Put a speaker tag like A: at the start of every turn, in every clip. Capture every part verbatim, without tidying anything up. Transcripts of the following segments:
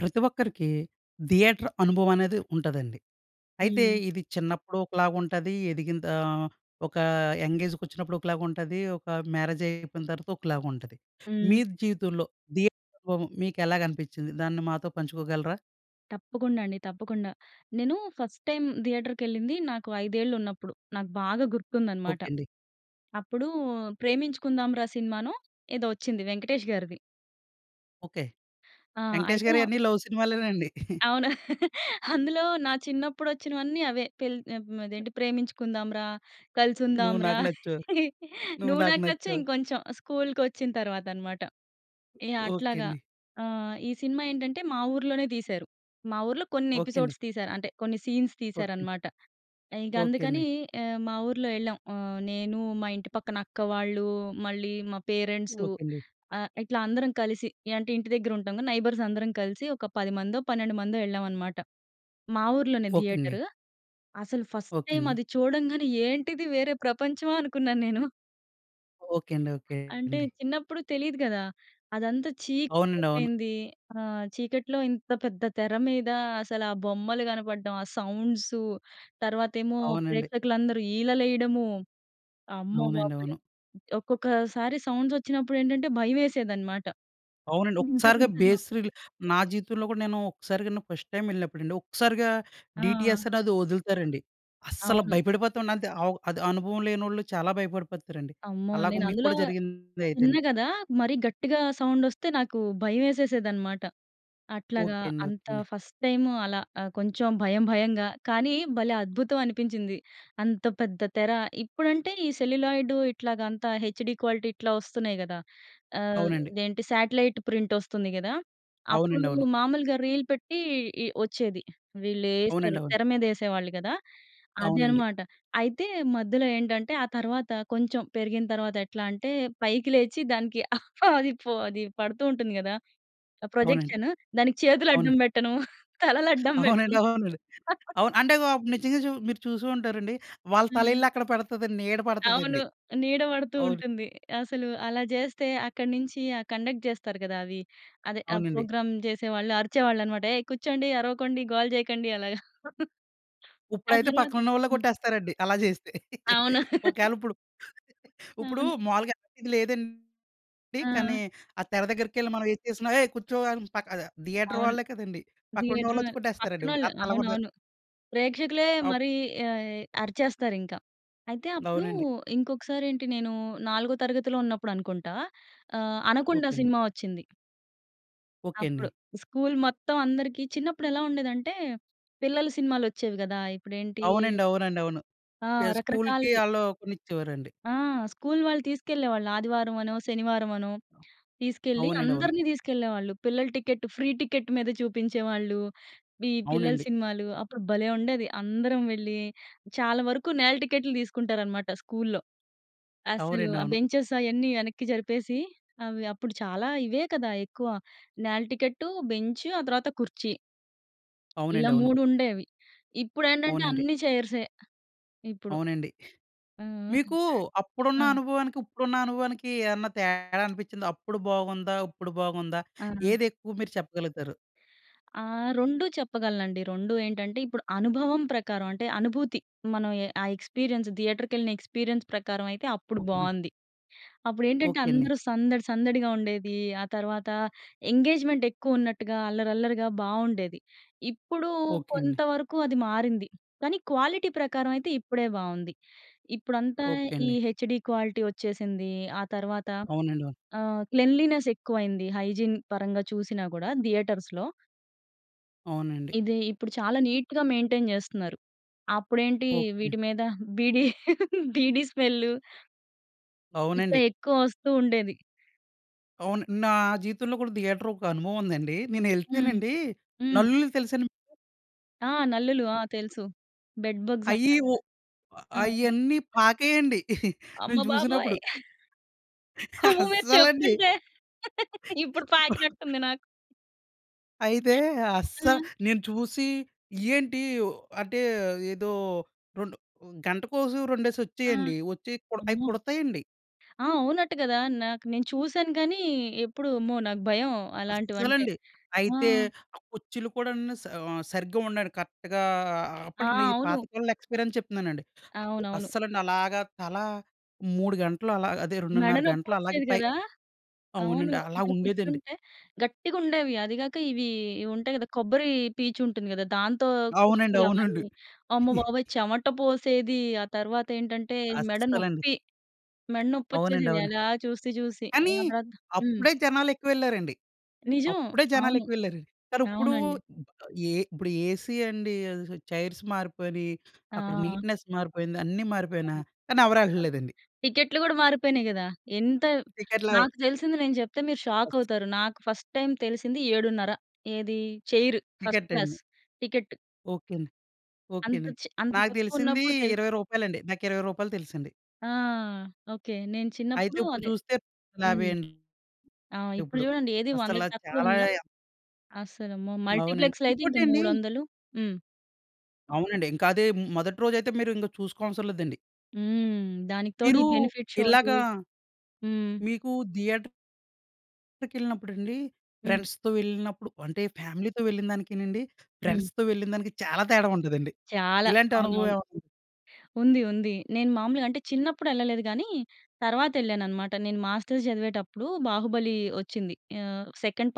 A: ప్రతి ఒక్కరికి థియేటర్ అనుభవం అనేది ఉంటదండి. అయితే
B: హ్మ్.
A: ఇది చిన్నప్పుడు ఒకలాగ ఉంటది, ఎదిగిందా ఒక యంగ్ ఏజ్‌కొచ్చినప్పుడు ఒకలాగ ఉంటది, ఒక మ్యారేజైపోయిన తర్వాత ఒకలాగ ఉంటది. మీ
B: హ్మ్.
A: జీవితంలో థియేటర్ అనుభవం మీకెలాగ అనిపించింది? దాన్ని మాతో పంచుకోగలరా?
B: తప్పకుండా అండి. తప్పకుండా. నేను ఫస్ట్ టైం థియేటర్‌కెళ్ళింది నాకు ఐదేళ్ళు ఉన్నప్పుడు. నాకు బాగా గుర్తుందన్నమాట.
A: ఓకే అండి.
B: అప్పుడు 'ప్రేమించుకుందాం రా' సినిమానో ఏదో వచ్చింది 'వెంకటేష్' గారిది.
A: ఓకే.
B: ఆ!
A: 'వెంకటేష్'
B: అయితే
A: గారియి అన్ని లవ్ సినిమాలేనండి.
B: అవును. అందులో నా చిన్నప్పుడోచ్చినవన్నీ అవే. పెళ్ అదేంటి 'ప్రేమించుకుందాం రా', 'కలిసుందాం
A: 'నువ్వు
B: రా',
A: నాకు నచ్చావు, నువ్వు
B: 'నువ్వు
A: నాకు
B: నాకు నచ్చావ్'
A: నచ్చావు'.
B: ఇంకొంచెం స్కూల్‌కొచ్చిన తర్వాత అన్నమాట. ఏ
A: ఓకే
B: అట్లాగా
A: అండి.
B: ఆ! ఈ సినిమా ఏంటంటే మా ఊర్లోనే తీశారు. మా ఊర్లో కొన్ని
A: ఓకే అండి.
B: ఎపిసోడ్స్ తీశారు, అంటే కొన్ని సీన్స్
A: ఓకే.
B: తీశారన్నమాట. ఇంక
A: ఓకే అండి.
B: అందుకని ఆహ్, మా ఊర్లో ఎళ్ళాం, ఆహ్, నేను, మా ఇంటి పక్కన అక్క వాళ్ళు, మళ్ళీ మా పేరెంట్సు,
A: ఓకే అండి.
B: ఆహ్, ఇట్లా అందరం కలిసి ఏ అంటే ఇంటి దగ్గర ఉంటాం క. నైబర్స్ అందరం కలిసి ఒక పదిమందో, పన్నెండు మందో ఎళ్ళాం అన్నమాట. మా ఊర్లోనే
A: ఓకే అండి.
B: థియేటరు. అసలు ఫస్ట్
A: ఓకే
B: టైం
A: అండి.
B: అది చూడంగానే "ఏంటిది? వేరే ప్రపంచమా?" అనుకున్నాను నేను.
A: ఓకె. అండి. ఓకె.
B: అంటే,
A: అండి.
B: చిన్నప్పుడు తెలీదు కదా. అదంతా
A: అవునండవును.
B: చీకటయిపోయింది. ఆహ్, చీకట్లో ఇంత పెద్ద తెర మీద, అసలా బొమ్మలు కనపడడం, ఆ సౌండ్సు, తర్వాతేమో
A: అవునండి.
B: ప్రేక్షకులందరూ ఈలలేయడము,
A: అవునండి.
B: అమ్మబాబోయ్!
A: అవును.
B: ఒక్కొక్కసారి సౌండ్సొచ్చినప్పుడేంటంటే, భయవేసేదనమాట.
A: అవునండి.
B: ఇంత
A: ఒక్కసారిగా
B: పెద్ద సౌ
A: బేస్ రీల్ నా జీవితంలో కూడా, నేను ఒక్కసారిగా అండి, ఫస్ట్ టైమ్ వెళ్ళినప్పుడండి, ఒక్కసారిగా
B: ఆ!
A: డీటీఎస్ అనేది వొదులుతారండి. అస్సల
B: అవును.
A: భయపడిపోతావండంతే! ఆవ్ అది అనుభవం లేనోళ్ళు చాలా భయపడిపోతారండి.
B: అమ్మో!
A: అలాగ మీకు
B: నేనందులో
A: కూడా జరిగింది
B: చిన్న
A: అయితేని.
B: కదా! మరీ గట్టిగా సౌండొస్తే, నాకు భయవేసేసేదనమాట. అట్లాగా,
A: ఓకె. అండి. ఓకె.
B: అంత
A: అండి.
B: ఫస్ట్ టైము అలా ఆహ్, కొంచెం భయం భయంగా. కానీ, భలే అద్భుతం అనిపించింది, అంత పెద్ద తెర. ఇప్పుడంటే ఈ సెల్యులాయిడు ఇట్లాగ అంతా, హెచ్‍డీ క్వాలిటీ ఇట్లా వస్తున్నాయి కదా! ఆహ్,
A: అవునండి.
B: ఇదేంటి శాటిలైట్ ప్రింటొస్తుంది గదా! అప్పుడూ
A: అవునండవును.
B: మామూలుగా రీల్ పెట్టి, ఇ వొచ్చేది. వీళ్ళేశారు.
A: అవునండవును.
B: తెర మీదేసేవాళ్ళు కదా! అది
A: అవునండి.
B: అనమాట. అయితే, మధ్యలో ఏంటంటే, ఆ తరవాత, కొంచెం పెరిగిన తరవాతెట్లా అంటే, పైకి లేచి, దానికి అది ఫో అది పడుతూ ఉంటుంది గదా, ఆ
A: అవునండి.
B: ప్రొజెక్షను. దానికి చేతులు అడ్డం
A: అవునండి.
B: బెట్టడం, తలలడ్డం
A: అవునండి.
B: పెట్టడం
A: అవునండి. అవును. అంటే గో అప్పుడు నిజంగా చూ మీరు చూసూ ఉంటారండి. వాళ్ళ
B: హ్మ్.
A: తలెళ్ళి అక్కడ పడతదండి. నీడ
B: అవును
A: పడతదండి.
B: నీడ బడుతూ
A: అవును.
B: ఉంటుంది. అసలు అలా చేస్తే, అక్కడి నించి ఆ కండక్ట్ చేస్తారు కదా అవి. అదే. ఆ
A: అవునండి.
B: ప్రోగ్రామ్ చేసేవాళ్ళు అరిచేవాళ్ళనమాట, "ఏయ్! కుచ్చోండి. అరవకండి. గోల చేయకండి" అలాగా. ఆ
A: ఉప్పుడైతే,
B: తరువాత
A: పక్కన ఉన్నవాళ్ళే
B: హ్మ్.
A: కొట్టేస్తారండి అలా చేస్తే.
B: అవును.
A: ఒకేళిప్పుడు ఉప్పుడూ
B: అవును.
A: మాములుగా ఇది లేదండి. కానీ,
B: ఆ!
A: ఆ తెర దగ్గరకెళ్ళి మనం ఏది చేసినా, "ఏయ్! కూర్చో" అని పక్క ద థియేటర్
B: అవును.
A: వాళ్ళే కదండీ.
B: థియేటర్ వె
A: పక్కనున్నవాళ్ళొచ్చి కొట్టేస్తారండిప్పుడు.
B: పక్కనోళ్ళు.
A: అంతలా ఉంది.
B: అవునవును. ప్రేక్షకులే
A: అప్
B: మరీ యాయ్ అరిచేస్తారింక. అయితే, అప్పుడూ
A: అవునండి.
B: ఇంకొకసారేంటి, నేనూ నాలుగో తరగతిలో ఉన్నప్పుడనుకుంటా. ఆహ్, 'అనకొండా'
A: ఓకె. అండి.
B: సినిమా వచ్చింది.
A: ఓకే అండి.
B: అప్పుడు. స్కూల్ మొత్తం అందరికి చిన్నప్పుడెలా ఉండేదంటే, పిల్లల సినిమాలొచ్చేవి గదా! ఇప్పుడేంటీ
A: అవునండి. అవునండి. అవును.
B: ఆ!
A: పె స్కూల్‌కి
B: రకరకాలవి.
A: ఆళ్ళు కొనిచ్చేవారండి.
B: ఆ! స్కూల్ వాళ్ళు తీసుకెళ్ళేవాళ్ళు ఆదివారవనో, శనివారవనో. తీసుకెళ్ళి
A: అవునండి. అవును.
B: అందరిని తీసుకెళ్ళేవాళ్ళు. పిల్లల టికెట్, ఫ్రీ టికెట్ మీద చూపించేవాళ్ళు. వీ పిల్లల
A: అవునండి.
B: సినిమాలు. అప్పుడు భలే ఉండేది. అందరం వెళ్ళి, చాలా వరకు నేల టికెట్లు తీసుకుంటారన్నమాట స్కూల్‌లో. అస్సలు
A: అవునండి.
B: ఆ
A: అవును.
B: బెంచెస్ అయన్నీ వెనక్కి జరిపేసి, అవి అప్పుడు చాలా ఇవే కదా ఎక్కువ. నేల టికెట్టు, బెంచ్ ఆ తర్వాత కుర్చీ. ఇలా
A: అవునండి. అవును.
B: మూడుండేవి. ఇప్పుడేంటంటే
A: అవునండి.
B: అన్నీ చైర్సే. ఇప్పుడు.
A: అవునండి.
B: హ్మ్.
A: మీకూ అప్పుడున్న
B: హ్మ్.
A: అనుభవానికి, ఉప్పుడున్న అనుభవానికీ ఏన్నా తేడా అనిపిచ్చిందా? అప్పుడు బాగుందా? ఉప్పుడు బాగుందా?
B: ఆ!
A: ఏదెక్కువ మీరు చెప్పగలుగుతారు?
B: ఆ! రొండూ చెప్పగలనండి. రొండూ ఏంటంటే, ఇప్పుడు అనుభవం ప్రకారవంటే, అనుభూతి. మనం ఎ ఆ ఎక్స్‌పీరియన్స్ థియేటర్‌కెళ్ళిన ఎక్స్‌పీరియన్స్ ప్రకారమయితే, అప్పుడు
A: ఓకేండి.
B: బావుంది. అప్పుడేంటంటే,
A: ఓకే అండి.
B: అందరూ సందడి సందడిగా ఉండేది. ఆ తర్వాతా ఎంగేజ్‌మెంటెక్కువున్నట్టుగా, అల్లరి అల్లరిగా బావుండేది. ఇప్పుడూ
A: ఓకే అండి.
B: కొంతవరుకూ అది మారింది, కానీ క్వాలిటీ ప్రకారమయితే, ఇప్పుడే బావుంది. ఇప్పుడంతా
A: ఓకే
B: ఈ
A: అండి.
B: హెచ్‍డి క్వాలిటీ ఒచ్చేసిందీ. ఆ తర్వాత
A: అవునండి. అవును
B: ఆహ్, క్లెన్లీనెసెక్కువైంది హైజీన్ పరంగా చూసినా గూడా థియేటర్స్‌లో.
A: అవునండి.
B: ఇది ఇప్పుడు చాలా నీట్‌గా మెయింటైన్ చేస్తున్నారు. అప్పుడేంటి
A: ఓకే.
B: వీటి మీద బీడీ బీడీ స్మెల్లు. ఇట్లా
A: అవునండి.
B: ఎక్కువ వస్తూ ఉండేది.
A: అవును. నా జీవితంలో కూడా థియేటర్ ఒక అనుభవం ఉందండి. నేను
B: హ్మ్.
A: ఏళ్తేనండి
B: హ్మ్.
A: నల్లులు తెలుసండి?
B: ఆ! నల్లులు ఆ తెలుసు. బెడ్ బగ్స్
A: అయ్యి
B: అంటాం
A: ఉ
B: కదా! ఆ!
A: అయన్నీ పాకేయండి. నేను
B: అమ్మబాబోయ్!
A: చూసినప్పుడు.
B: అమ్మో! మీరు
A: అస్సలండి.
B: చెప్తుంటే ఇప్పుడు పాకినట్టు ఉంది నాకు.
A: అయితే అస్సా
B: ఆ!
A: నేను చూసి ఇయ్యేంటి అంటే ఏదో రెండు గంటకోసం రెండేసి
B: ఆ!
A: వచ్చేయండి. వచ్చికు అవి
B: అమ్మో!
A: కుడతాయండి.
B: ఆ! అవునంట కదా! నాకు నేను చూసాను. కానీ, ఎప్పుడు అమ్మో! నాకు భయం అలాంటివి అంటే.
A: అస్సలండి
B: ఆ!
A: అయితే ఆ కుర్చీలు కూడండి సా ఆహ్, సరిగ్గా అ ఉండండి కరెక్ట్‌గా
B: ఆ!
A: అప్పుడు పాత
B: అవును.
A: కాలంలో ఎక్స్‌పిరియన్స్ చెప్తున్నానండి.
B: అవునవును.
A: అస్సలండి అలాగా తల మూడు గంటలు అలా అదే
B: మెడ
A: రెండున్నర గంటలు అలాగే
B: నొప్పోచ్చేది
A: పై
B: కదా! అవును
A: అవునండి. అలా
B: అక్కడ
A: ఉండేదండి.
B: కూర్చుంటే గట్టిగా ఉండేవి అది కాక ఇవి, ఇవి ఉంటాయి కదా! కొబ్బరి పీచు ఉంటుంది కదా! దాంతో
A: అవునండి.
B: కుర్చీలు
A: అవునండి.
B: అవన్నీ అమ్మ‌బాబోయ్! చెమట పోసేది. ఆ తర్వాత ఏంటంటే మెడ
A: అస్సలండి.
B: నొప్పి, మెడ
A: అవునండి.
B: నొప్పోచ్చేసేది
A: అవును.
B: అలా చూసి చూసి.
A: కానీ,
B: ఆ తర్వాత హ్మ్.
A: అప్పుడే జనాలు ఎక్కువ ఏళ్ళారండి.
B: నిజం.
A: అప్పుడే జనాలు
B: అవును.
A: ఎక్కువ ఏళ్ళారండి. కానీ ఇప్పుడు
B: అవునండి.
A: ఏ ఇప్పుడు ఏసీ అండి ఆదేసి చైర్స్ మారిపోయినయి, అక్కడ
B: ఆ!
A: నీట్‍నెస్ మారిపోయింది, అన్నీ మారిపోయినా
B: అవును.
A: కానీ ఎవరు
B: ఆ తర్వాత
A: ఎళ్లట్లేదండి.
B: టికెట్లు కూడా మారిపోయినాయి కదా! ఎంత
A: టిక్కెట్లు
B: నాకు తెలిసింది నేను చెప్తే మీరు షాక్
A: ఆస్
B: అవుతారు. నాకు ఫస్ట్ టైం తెలిసింది ఏడున్నర ఏది చైరు ఫస్ట్
A: టికెట్
B: క్లాస్
A: అండి.
B: టికెటు.
A: ఓకే. అండి ఓకే.
B: అంత
A: అండి.
B: చి అంత
A: నాకు
B: తక్కువ
A: తెలిసింది
B: ఉన్నప్పుడు తెలుసు.
A: ఇరవై రూపాయలండి నాకు ఇరవై రూపాయలు తెలుసండి.
B: ఆ! ఓకే. నేను
A: అయితే
B: చిన్నప్పుడు
A: ఇప్పుడు
B: అదే
A: చూస్తే
B: హ్మ్.
A: యాభై అండి.
B: ఆ! ఇప్పుడు
A: ఇప్పుడు
B: చూడండి ఏది
A: అస్సల
B: వందకు తక్కువ
A: చాలా
B: ఉందా? అసలు అమ్మో!
A: అవునండి.
B: మల్టీప్లెక్స్‌లో అయితే ఇంక
A: ఇంకోటండి
B: మూడొందలు హ్మ్.
A: అవునండి. ఇంకా అదే హ్మ్, మొదటి రోజైతే మీరు ఇంక చూసుకోవాల్సరం లేదండి.
B: హ్మ్. దానికి తోడు ఈ
A: మీరు
B: బెనిఫిట్ షోలు.
A: ఇలాగా
B: హ్మ్.
A: మీకు థియేటర్... కెళ్ళినప్పుడండి
B: హ్మ్.
A: ఫ్రెండ్స్‌తో వెళ్ళినప్పుడు అంటే ఫ్యామిలీతో వెళ్ళినదానికీనండి,
B: హ్మ్.
A: ఫ్రెండ్స్‌తో వెళ్ళినదానికి చాలా తేడా ఉంటదండి.
B: చాలా,
A: ఇలాంటి అనుభవం
B: అవునవును.
A: ఏమన్నా
B: ఉంది. ఉంది. నేను మామూలుగా అంటే చిన్నప్పుడు ఎళ్ళలేదు గానీ తర్వాత ఎళ్ళానన్నమాట. నేను మాస్టర్స్ చదివేటప్పుడు 'బాహుబలి' ఓచ్చింది. ఆ! Second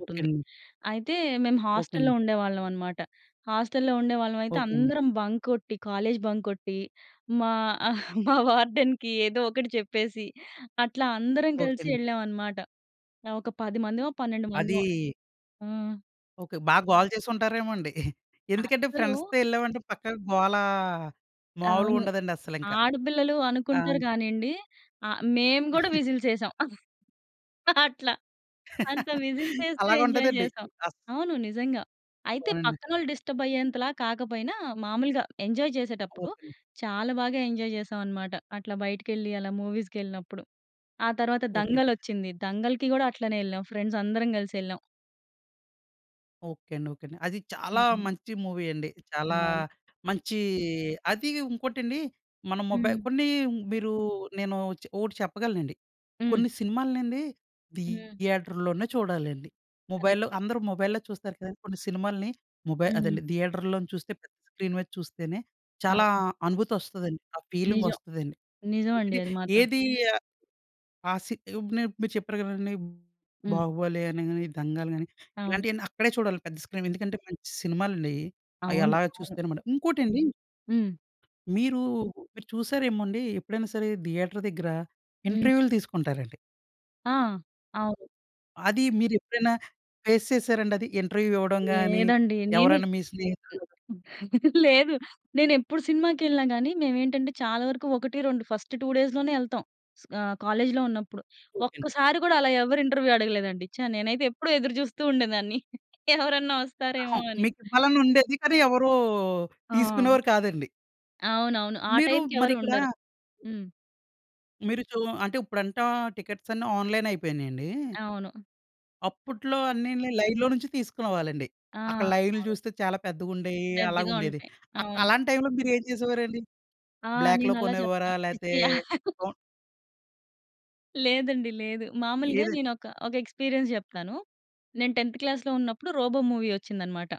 A: okay. అండి.
B: అయితే మేము
A: ఓకే.
B: హాస్టల్‌లో
A: అండి.
B: ఉండేవాళ్ళం అన్నమాట. హాస్టల్‌లో ఉండేవాళ్ళమైతే
A: ఓకే. అండి.
B: అందరం బంక్ కొట్టి కాలేజ్ బంక్ కొట్టి, మా మా వార్డెన్‍కి ఏదో ఒకటి చెప్పేసి అట్లా అందరం
A: ఓకే.
B: కలిసి
A: అండి.
B: ఎళ్ళాం అన్నమాట. ఆ! ఒక పది మందిమో, పన్నెండు మందిమో.
A: అది
B: ఆ!
A: ఓకే. బా గోల చేసుంటారేమో అండి. ఎందుకంటే
B: అస్సలు
A: ఫ్రెండ్స్‌తో ఎళ్ళామంటే పక్కా గోల మాములుగా
B: అవును.
A: ఉండదండి అస్సలు ఇంక.
B: ఆడపిల్లలు
A: ఆ!
B: అనుకుంటారు కానీ అండి. ఆ మేము కూడా విజిల్స్ ఎసాం. అట్ల అంత విజిల్స్ ఎస్తూ
A: అలాగా
B: ఎంజాయ్
A: ఉంటదండి.
B: చేసాం.
A: అస్
B: అవును, నిజంగా. అయితే
A: అవునండి.
B: పక్కనోళ్ళు డిస్టర్బ్ అయ్యేంతలా కాకపోయినా మామూలుగా ఎంజాయ్ చేసేటప్పుడు,
A: ఓకే అండి.
B: చాలా బాగా ఎంజాయ్ జెసాం అన్నమాట. అట్లా బయటకెళ్ళి అలా మూవీస్‍కెళ్ళినప్పుడు. ఆ తర్వాత
A: ఓకే.
B: 'దంగల్' ఓచ్చింది. దంగల్‌కి కూడా అట్లనే ఎళ్ళాం ఫ్రెండ్స్ అందరం కలిసి ఎళ్ళాం.
A: ఓకే అండి. ఓకే అండి. అది చాలా
B: హ్మ్.
A: మంచి మూవీ అండి. చాలా
B: అవును.
A: మంచీ అదీ ఉంకోటండి, మన మొబైల్
B: హ్మ్.
A: కొన్ని మీరు నేను చె ఓటి చెప్పగలనండి.
B: హ్మ్.
A: కొన్ని సినిమాలనండీ
B: హ్మ్.
A: థియేటర్‌ లోనే చూడాలండి. ముబైల్‌లో
B: కరెక్ట్.
A: అందరూ మొబైల్‌లో చూస్తారు కదండి కొన్ని సినిమాల్ని. మొబై
B: హ్మ్.
A: అదండి. థియేటర్‌‌లో నించి చూస్తే, పెద్ద స్క్రీన్ మీద చూస్తేనే, చాలా
B: అవును.
A: అనుభూతొస్తదండి. ఆ
B: నిజం.
A: ఫీలింగొస్తుదండి.
B: నిజవండి
A: ఇది
B: అది మాత్రం.
A: ఏది ఆహ్, ఆ సి ఇప్పుడు నే ఇప్పుడు మీరు చెప్పారు కదండి,
B: హ్మ్.
A: 'బాహుబలి' అని గాని, 'దంగల్' గాని,
B: అవును.
A: ఇలాంటియన్నీ అక్కడే చూడాలండి పెద్ద స్క్రీన్. ఎందుకంటే, మంచి సినిమాలండీ అయి. అయి
B: అవును.
A: అలాగ
B: అవును.
A: చూస్తేనమాట. ఇంకోటండి
B: హ్మ్.
A: మీరు, మీరు చూసారేమోండి, ఎప్పుడైనా సరే థియేటర్ దగ్గర
B: హ్మ్.
A: ఇంటర్వ్యూ‌లు తీసుకుంటారండి.
B: ఆ! అవును.
A: అది మీరెప్పుడైనా ఫేస్ చేసారాండది, ఇంటర్వ్యూ‌ ఇవ్వడం గాని,
B: లేదండి. నేను
A: ఎవరైనా మీ స్నేహితులు
B: లేదు. నేనెప్పుడు సినిమాకెళ్ళినా గానీ, మేవేంటంటే, చాలా వరకు ఒకటి రెండు ఫస్ట్ టూ డేస్‌ లోనే ఎళ్తాం, ఆహ్, కాలేజ్‌‌లో ఉన్నప్పుడు.
A: ఓకే అండి.
B: ఒక్కసారి కూడా, అలా ఎవ్వరు ఇంటర్వ్యూ అడగలేదండి. ఛా! నేనైతే ఎప్పుడూ ఎదురుచూస్తూ ఉండేదాన్ని. ఎవరన్నా వస్తారేవో
A: అహం
B: అని.
A: మీకివ్వాలనుండేది. కానీ ఎవరూ
B: ఆ!
A: తీసుకునేవారు కాదండి.
B: అవునవును. ఆ
A: మీరు
B: టైంకి ఎవరూ
A: మరిక్కడా
B: ఉండరు. హ్మ్.
A: మీరు చూ అంటే ఇప్పుడంటా టికెట్స్ అన్నీ ఆన్లైన్ అయిపోయినాయండి.
B: అవును.
A: అప్పట్లో అన్నిని లైన్‌లో నుంచి తీసుకునేవాళ్ళండి.
B: ఆ!
A: అక్కడ లైన్‌లు
B: అవు
A: చూస్తే చాలా పెద్దగా ఉండేవి. అలాగా
B: పెద్దగా
A: ఉండేది.
B: ఉంటాయి.
A: ఆక్
B: అవును.
A: అలాంటి టైంలో మీరు ఏం చేసేవారండి?
B: ఆ!
A: బ్లాక్‌లో
B: నేను అలా చెప్తా.
A: కొనేవారా?
B: ఛీ!
A: లేతే
B: ఛీ!
A: కౌం
B: లేదండి లేదు. మామూలుగా
A: ఏదన్
B: నేను ఒక ఒక ఎక్స్పీరియన్స్ చెప్తాను. నేను టెన్త్ క్లాస్‌లో ఉన్నప్పుడు 'రోబో' మూవీ వచ్చిందన్నమాట.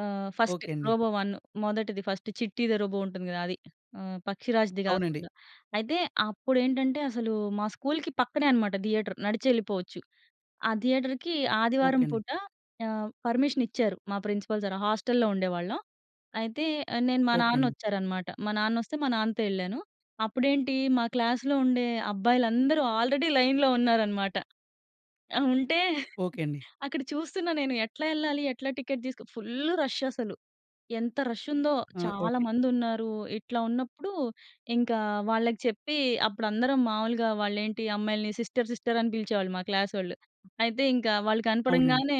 B: ఆ! ఫస్ట్
A: ఓకే అండి.
B: 'రోబో 1' మొదటిది ఫస్ట్ 'చిట్టి ది రోబో' ఉంటుంది కదా! అది. ఆహ్, 'పక్షిరాజ్‌' ది
A: అవునండి
B: కాకుండా. అయితే అప్పుడేంటంటే, అసలు మా స్కూల్‌కి పక్కనే అనమాట థియేటర్ నడిచెళ్ళిపోవచ్చు. ఆ థియేటర్‌కి
A: ఓకే
B: ఆదివారం
A: అండి.
B: పూట ఆహ్, పర్మిషన్ ఇచ్చారు మా ప్రిన్సిపల్ సార్ హాస్టల్‍లో ఉండేవాళ్ళం. అయితే ఆహ్, నేను మా
A: ఓకే
B: నాన్న
A: అండి.
B: వచ్చారనమాట. మా నాన్నోస్తే మా నాన్నతో వెళ్ళాను. అప్పుడేంటి, మా క్లాస్‌లో ఉండే అబ్బాయిలందరూ ఆల్రెడీ లైన్‌లో ఉన్నారనమాట. ఆ! ఉంటే
A: ఓకే అండి.
B: అక్కడ చూస్తున్నా నేను ఎట్లా వెళ్ళాలి? ఎట్లా టికెట్ తీసుకొ ఫుల్ రష్ అసలు. ఎంత రష్ ఉందో!
A: ఆ! ఓకే.
B: చాలామందున్నారు. ఇట్లా ఉన్నప్పుడు ఇంకా వాళ్ళకి చెప్పి, అప్పుడు అందరం మామూలుగా వాళ్ళ ఏంటి అమ్మాయిల్ని సిస్టర్, సిస్టర్ అని పిలిచేవాళ్ళు మా క్లాసోళ్లు. అయితే ఇంకా వాళ్ళు
A: అవునండి.
B: కనపడంగానే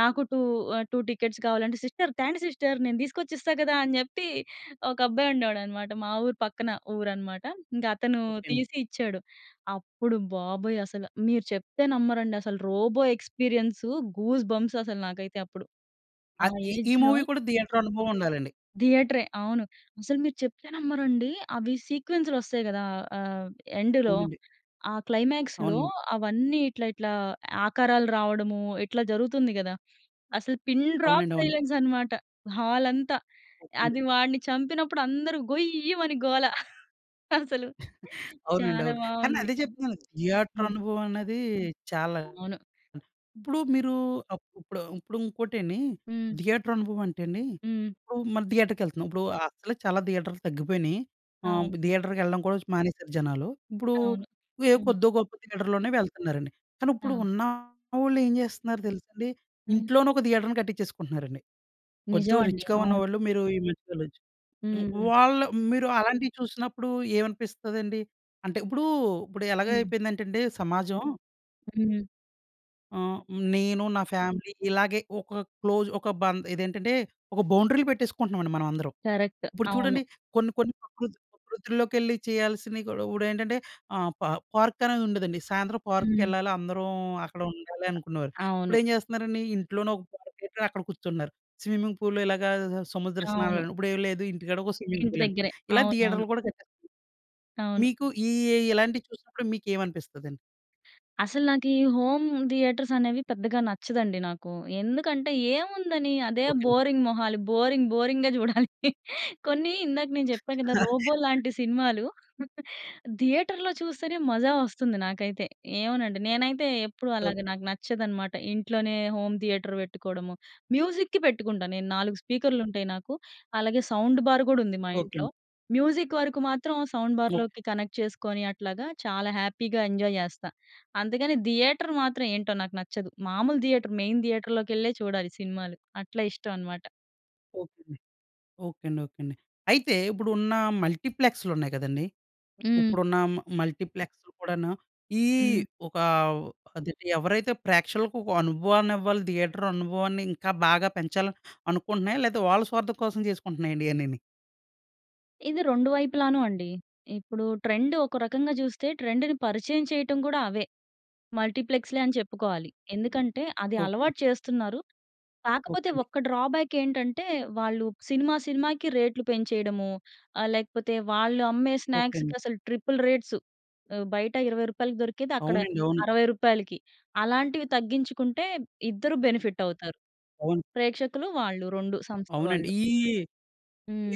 B: నాకు టూ ఆహ్, టూ టికెట్స్ కావాలంటే, "సిస్టర్ త్యాండి, సిస్టర్ నేను తీసుకొచ్చి ఇస్తా కదా!" అని చెప్పి ఒక అబ్బాయి ఉండేడనమాట మా ఊరు పక్కన ఊరు అనమాట. ఇంక అతను
A: ఓకే అండి.
B: తీసి ఇచ్చాడు. అప్పుడు బాబోయ్! అసలు మీరు చెప్తే నమ్మరండి అసలు 'రోబో' ఎక్స్పీరియన్స్ గూస్‌బంప్స్ అసలు! నాకైతే అప్పుడు. ఆ
A: అద్ ఈ ఈ
B: ఏజ్‍లో
A: మూవీ కూడా థియేటర్ అనుభవం ఉండాలండి.
B: థియేటరే అవును. అసలు మీరు చెప్పానమ్మరండి! అవి సీక్వెన్స్‌లు వస్తాయి కదా! ఆహ్, ఎండ్‌లో
A: అవునండి.
B: ఆ క్లైమాక్స్‌లో
A: అవునండి.
B: అవన్నీ ఇట్లా, ఇట్లా ఆకారాలు రావడము ఇట్లా జరుగుతుంది కదా! అసలు పిన్ డ్రాప్
A: అవునండీ. అవును.
B: సైలెన్స్ అనమాట. హాల్ అంతా!
A: ఓకే అండి.
B: అది వాడిని చంపినప్పుడు అందరూ గొయ్యిమని గోల! అసలు
A: అవునండి.
B: చాలా
A: అవును. కానీ
B: బాగుంది.
A: అదే చెప్తున్నాను. థియేటర్
B: హ్మ్.
A: అనుభవం అన్నది చాలా
B: అవును.
A: ఇప్పుడు మీరు అప్ ఇప్పుడు ఇప్పుడు ఇంకోటేండి.
B: హ్మ్.
A: థియేటర్ అనుభవం అంటే అండి,
B: హ్మ్.
A: ఇప్పుడు మనం థియేటర్‌కి యేళ్తున్నాం. ఇప్పుడు అసలే చాలా థియేటర్లు తగ్గిపోయినాయి. ఆహ్,
B: అవును.
A: థియేటర్‌కి వెళ్ళడం కూడా చు మానేశారు జనాలు. ఇప్పుడు
B: అవును.
A: ఏ
B: హ్మ్.
A: కొద్దో, గొప్పో థియేటర్‌లోనే వెళ్తున్నారండి. కానీ
B: ఆ!
A: ఇప్పుడు ఉన్నవోళ్ళు ఏం చేస్తున్నారు తెలుసా అండి!
B: హ్మ్.
A: ఇంట్లోనే ఒక థియేటర్‍ని కట్టించేసుకుంటున్నారండి. కొంచెం
B: నిజమండి.
A: రిచ్‌గా
B: అవును.
A: ఉన్నవాళ్ళు మీరు ఈ మధ్య వెళ్ళొచ్చు హ్మ్.
B: హ్మ్.
A: వాళ్ళు మీరు అలాంటివి చూసినప్పుడుఏమనిపిస్తదండి? అంటే ఇప్పుడు ఇప్పుడు ఎలాగ
B: హ్మ్.
A: అయిపోయిందంటే అండి సమాజం
B: హ్మ్.
A: ఆహ్, నేను నా ఫ్యామిలీ, ఇలాగే ఒక క్లోజ్ ఒక బం ఇదేంటంటే, ఒక బౌండరీలు పెట్టేసుకుంటున్నామండి మనందరం.
B: కరెక్ట్.
A: ఇప్పుడు
B: అవును.
A: చూడండి కొన్ని, కొన్ని ప్రకృతి ప్రకృతి లోకెళ్ళి చేయాల్సినవి కూడా ఇప్పుడేంటంటే, ఆహ్, పా పార్క్ అనేది ఉండదండి. సాయంత్రం
B: హ్మ్.
A: పార్క్‌కెళ్ళాలి అందరం, అక్కడ ఉండాలి అనుకునేవారు.
B: అవును.
A: ఇప్పుడు ఏం చేస్తున్నారండి, ఇంట్లోనే ఒక పార్క్ పెట్టి అక్కడ కూర్చుంటున్నారు. స్విమ్మింగ్ పూల్‌లో, ఇలాగా సముద్ర
B: అవును.
A: స్నానాలని, ఇప్పుడు ఏమి లేదు. ఇంటికాడ ఒక స్విమ్మింగ్
B: ఇంటి
A: పూల్ అని.
B: దగ్గరే
A: ఇలా
B: అవునవును.
A: థియేటర్‌లు కూడా కట్టెస్తన్నారు.
B: అవును.
A: మీకు ఈ ఏ ఇలాంటివి చూసినప్పుడు మీకేమనిపిస్తదండి?
B: అసలు నాకు ఈ హోమ్ థియేటర్స్ అనేవి పెద్దగా నచ్చదండి నాకు. ఎందుకంటే, ఏముందని అదే
A: ఓకె.
B: బోరింగ్ మొహాలు, బోరింగ్, బోరింగ్‌గా చూడాలి. కొన్ని ఇందాక నేను చెప్పా కదా! 'రోబో' లాంటి సినిమాలు థియేటర్‌లో చూస్తేనే మజా వొస్తుంది నాకైతే. ఏమోనండి నేనైతే ఎప్పుడూ అలాగా
A: ఓకె.
B: నాకు నచ్చదనమాట ఇంట్లోనే, హోమ్ థియేటర్ వెట్టుకోవడము. మ్యూజిక్‌కి పెట్టుకుంటాను నేను, నాలుగు స్పీకర్‌లుంటాయి. నాకు అలాగే సౌండ్ బార్ కూడా ఉంది, మా
A: ఓకె
B: ఇంట్లో.
A: అండి.
B: మ్యూజిక్ వరకు మాత్రం సౌండ్
A: ఓకె.
B: బార్‍లోకి కనెక్ట్ చేసుకొని అట్లాగా, చాలా హ్యాపీగా ఎంజాయ్ జేస్తా. అంతేగాని థియేటర్ మాత్రం ఏంటో నాకు నచ్చదు. మామూలు థియేటరు మెయిన్ థియేటర్‌ లోకెళ్ళే చూడాలి సినిమాలు. అట్లా ఇష్టం అనమాట.
A: ఓకే అండి. ఓకే అండి. ఓకే అండి. అయితే ఇప్పుడు ఉన్న మల్టీప్లెక్స్‌లు ఉన్నాయి కదండీ!
B: హ్మ్.
A: ఇప్పుడున్న మ మల్టీప్లెక్స్‌లు కూడాను, ఈ
B: హ్మ్.
A: ఒక ఆదేటి ఎవరైతే ప్రేక్షకులకు ఒక అనుభవాన్ని ఇవ్వాలి, థియేటర్ అనుభవాన్ని ఇంకా బాగా పెంచాలి అనుకుంటున్నాయా లేకపోతే వాళ్ళ స్వార్థం కోసం చేసుకుంటున్నాయండి ఇయన్నీని.
B: ఇది రెండు వైపులాను అండి. ఇప్పుడు ట్రెండ్ ఒక రకంగా చూస్తే ట్రెండ్‍ని పరిచయం చేయటం కూడా అవే. మల్టీప్లెక్స్‌లే అని చెప్పుకోవాలి. ఎందుకంటే అది
A: ఓకే.
B: అలవాటు చేస్తున్నారు.
A: ఓకే
B: కాకపోతే
A: అండి.
B: ఒక్క డ్రాబ్యాక్ ఏంటంటే, వాళ్ళు సినిమా, సినిమాకి రేట్లు పెంచేయడము. ఆహ్, లేకపోతే వాళ్ళు అమ్మే
A: ఓకే
B: స్నాక్స్‌కి
A: అండి.
B: అసలు ట్రిపుల్ రేట్స్ ఆహ్, బయట ఇరవై రూపాయలకు దొరికేది అక్కడ
A: అవునండి అవును.
B: అరవై రూపాయలకి అలాంటివి తగ్గించుకుంటే ఇద్దరు బెనిఫిట్ అవుతారు.
A: అవును.
B: ప్రేక్షకులు వాళ్ళు రెండు సంస్థ
A: అవునండి.
B: వాళ్ళు.
A: ఈ,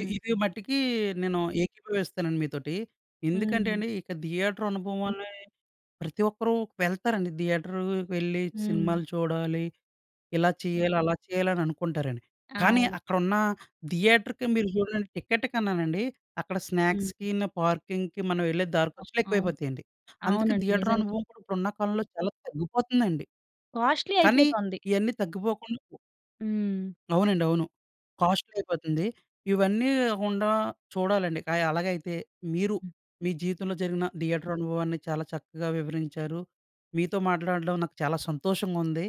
A: ఈ ఇది మటికి నేను ఏకీభవిస్తానండి మీతోటి. ఎందుకంటే
B: హ్మ్.
A: అండి ఇక థియేటర్ అనుభవాలు ప్రతి ఒక్కరు వెళ్తారండి. థియేటర్ వెళ్ళి
B: హ్మ్.
A: సినిమాలు చూడాలి, ఇలా చేయాలి, అలా చేయాలి అననుకుంటారండి. కానీ
B: అవును.
A: అక్కడున్న థియేటర్‌కి మీరు చూడండి టికెట్ కన్నానండి అక్కడ
B: హ్మ్.
A: స్నాక్స్‌కిను, పార్కింగ్‌కి మనం వెళ్ళే దారి
B: ఆ!
A: ఖర్చులు
B: అవును.
A: ఎక్కువైపోతాయండి. అందుకే
B: అవునండి,
A: థియేటర్
B: నిజంగా.
A: అనుభవం కూడా ఇప్పుడు ఉన్న కాలంలో చాలా తగ్గిపోతుందండి.
B: కాస్ట్లీ
A: కానీ
B: అయిపోతుంది.
A: ఇయన్నీ తగ్గిపోకుండా
B: హ్మ్.
A: అవునండి అవును కాస్ట్లీ అయిపోతుంది. ఇవన్నీ ‌కాకుండా చూడాలండి క అలాగైతే మీరు
B: హ్మ్.
A: మీ జీవితంలో జరిగిన థియేటర్ అనుభవాన్ని చాలా చక్కగా వివరించారు. మీతో మాట్లాడడం నాకు చాలా సంతోషంగా ఉం‌ది.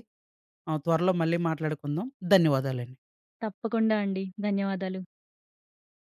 A: ఆ! త్వరలో మళ్ళీ మాట్లాడుకుందాం ధన్యవాదాలండి.
B: తప్పకుండా అండి. ధన్యవాదాలు.